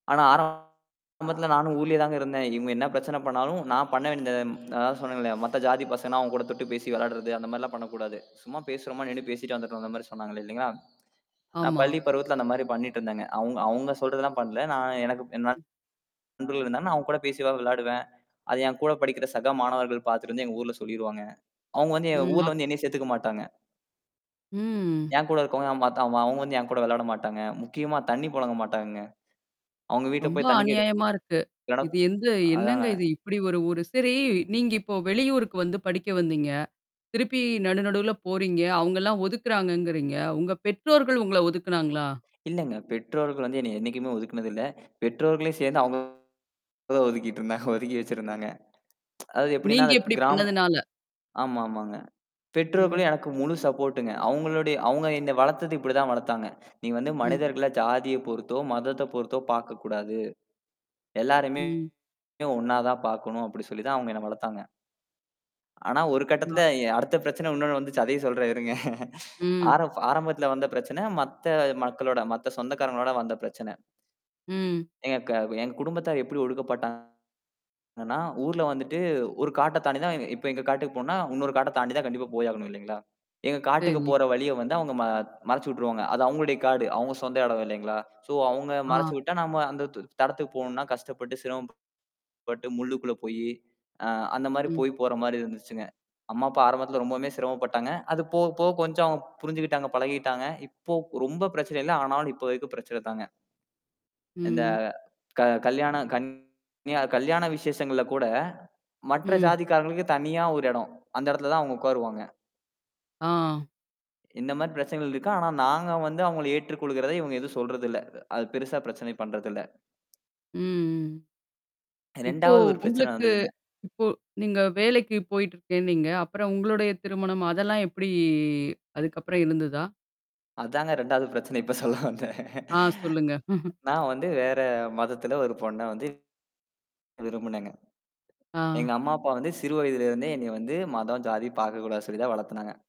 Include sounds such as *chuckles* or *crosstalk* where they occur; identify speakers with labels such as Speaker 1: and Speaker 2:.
Speaker 1: ஆனா, ஆரம்பத்துல நானும் ஊர்லயே தான் இருந்தேன். இவுங்க என்ன பிரச்சனை பண்ணாலும், நான் பண்ண வேண்டியத அதான் சொன்னேன்ல்ல, மத்த ஜாதி பசங்கன்னா, அவுங்க கூடத் தொட்டு பேசி விளையாடுறது. அந்தமாரில்லாம் பண்ணக் கூடாது. சும்மா பேசுறமா நின்னு பேசிட்டு வந்துர்ணும். அந்தமாரி சொன்னாங்க. இல்லேங்களா! நான்
Speaker 2: ஆமா.
Speaker 1: பள்ளிப் பருவத்தில அந்தமாரி பண்ணிட்டு இருந்தேங்க. அவுங்க, அவுங்க சொல்றதெல்லாம் பண்ணல. நான், எனக்கு என் நண்பர்கள் இருந்தாங்க. அவுங்க கூட பேசிவேன், விளையாடுவேன். அதை என் கூடப் படிக்கிற சக மாணவர்கள் பாத்துட்டு வந்து, எங்க ஊர்ல சொல்லிருவாங்க. அவுங்க வந்து எங்க
Speaker 2: ம். அப்
Speaker 1: ஊர்ல வந்து என்னைய சேத்துக்க மாட்டாங்க.
Speaker 2: ம்.
Speaker 1: என் கூட இருக்கறவங்கல்லாம் பாத்தா, அவு அவுங்க வந்து என் கூட விளையாட மாட்டாங்க. முக்கியமா தண்ணீ பொழங்க மாட்டாங்கங்க. அவுங்க வீட்டுல
Speaker 2: ரொம்ப
Speaker 1: போய் தண்ணீ கேட்டு
Speaker 2: அநியாயமா இருக்கு.
Speaker 1: இல்லனா
Speaker 2: இது எந்த என்னங்க
Speaker 1: அதாங்க.
Speaker 2: இது, இப்பிடி ஒரு ஊரு? சரி. நீங்க இப்ப வெளியூருக்கு வந்து படிக்க வந்தீங்க. திருப்பி நடு நடுவுல போறீங்க. அவுங்க எல்லாம் ஒதுக்குறாங்கங்கறீங்க. உங்க பெற்றோர்கள் உங்கள ஒதுக்குனாங்களா?
Speaker 1: இல்லங்க. பெற்றோர்களுக்கு வந்து என்னைய என்னைக்குமே ஒதுக்குனது இல்ல. பெற்றோர்களையும் சேர்ந்து அவுங்கதான் ஒதுக்கிட்டு இருந்தாங்க. ஒதுக்கி வச்சிருந்தாங்க *tsk* அதாவது எப்பிடின்னா
Speaker 2: நீங்க
Speaker 1: அது
Speaker 2: இப்பிடி
Speaker 1: கிராமம்
Speaker 2: பண்ணதுனால!
Speaker 1: ஆமா, ஆமாங்க. பெற்றோர்களும்
Speaker 2: ம்.
Speaker 1: எனக்கு முழு சப்போர்டுங்க. அவுங்களுடைய அவங்க என்ன வளர்த்தது இப்பிடி தான் வளர்த்தாங்க. "நீ வந்து
Speaker 2: ம்.
Speaker 1: மனிதர்கள ஜாதிய பொறுத்தோ, மதத்தப் பொறுத்தோ பார்க்கக் கூடாது எல்லாரையுமே
Speaker 2: ம்.
Speaker 1: ஒண்ணா தான் பாக்கணும்." அப்பிடி சொல்லித் தான் அவங்க என்னை வளர்த்தாங்க. ஆனா, ஒரு
Speaker 2: அ.
Speaker 1: கட்டத்துல எ அடுத்த பிரச்சனை உன்ணோண்ணு வந்துச்சு. அதையும் சொல்றேன். இருங்க. *chuckles*
Speaker 2: ம்.
Speaker 1: ஆரம் ஆரம்பத்துல வந்த பிரச்சனை. மத்த மக்களோட மத்த சொந்தக்காரங்களோட வந்த பிரச்சனை.
Speaker 2: ம்.
Speaker 1: எங்க க எங்க குடும்பத்தார் எப்பிடி ஒடுக்கப்பட்டாங்கன்னா ஊர்ல வந்துட்டு ஒரு காட்டைத் தாண்டிதான் இப்ப எங்க காட்டுக்குப் போணுன்னா, இன்னொரு காட்டத் தாண்டி தான் கண்டிப்பா போயாகணும். இல்லீங்களா? எங்க காட்டுக்குப்
Speaker 2: சரி.
Speaker 1: போற வழிய வந்து அவங்க ம மறச்சு விட்டுருவாங்க. அது அவுங்களுடைய காடு. அவுங்க சொந்த இடம், இல்லேங்களா! ஸோ அவுங்க
Speaker 2: ஆ.
Speaker 1: மறச்சு விட்டா, நாம அந்தத்து இடத்துக்குப் போணுன்னா, கஷ்டப்பட்டு, சிரமப்பட்டு முள்ளுக்குள்ள போயி, அ அந்தமாரி
Speaker 2: ம்.
Speaker 1: போய் போறமாரி இருந்துச்சுங்க. அம்மா, அப்பா ஆரம்பத்துல ரொம்பவும் சிரமப்பட்டாங்க. அது போகப் போக, கொஞ்சம் புரிஞ்சுக்கிட்டாங்க. பழகிட்டாங்க. இப்போ ரொம்ப பிரச்சனை இல்ல. ஆனாலும் இப்போதைக்கு பிரச்சனைதாங்க.
Speaker 2: ம்.
Speaker 1: இந்த
Speaker 2: ம்.
Speaker 1: க கல்யாணம் கல்யா கல்யாண விசேஷங்கள்ல கூட, மற்ற
Speaker 2: ம்.
Speaker 1: ஜாதிக்காரங்களுக்கு தனியா ஒரு இடம். அந்த இடத்துல தான் அவுங்க உக்காருவாங்க.
Speaker 2: ஆ.
Speaker 1: இந்தமாரி பிரச்சனைகள் இருக்கு. ஆனா, நாங்க வந்து அவுங்கள ஏற்றுக்கொள்கிறத, இவுங்க எதுவும் சொல்றது இல்ல. அது பெரிசா பிரச்சனை பண்றது இல்ல.
Speaker 2: ம். ம்.
Speaker 1: *swallows*
Speaker 2: இப்போ,
Speaker 1: 2வது ஒரு பிரச்சனை
Speaker 2: உங்களுக்கு
Speaker 1: வந்ததுங்க.
Speaker 2: இப்போ நீங்க வேலைக்கு போயிட்டு இருக்கேன்னீங்க. அப்புறம் உங்களுடைய திருமணம், அதெல்லாம் எப்பிடி அதுக்கப்புறம் இருந்ததா?
Speaker 1: அதாங்க, 2வது பிரச்சனை. இப்ப சொல்ல வந்தேன்.
Speaker 2: ஆ சொல்லுங்க. *chuckles*
Speaker 1: நான் வந்து வேற மதத்துல ஒரு பொண்ண வந்து விரும்பினேங்க.
Speaker 2: ஆ.
Speaker 1: எங்க அம்மா, அப்பா வந்து, சிறு வயதிலிருந்தே என்னைய வந்து மதம் ஜாதி பார்க்கக் கூடாதுன்னு சொல்லிதான் வளர்த்துனாங்க.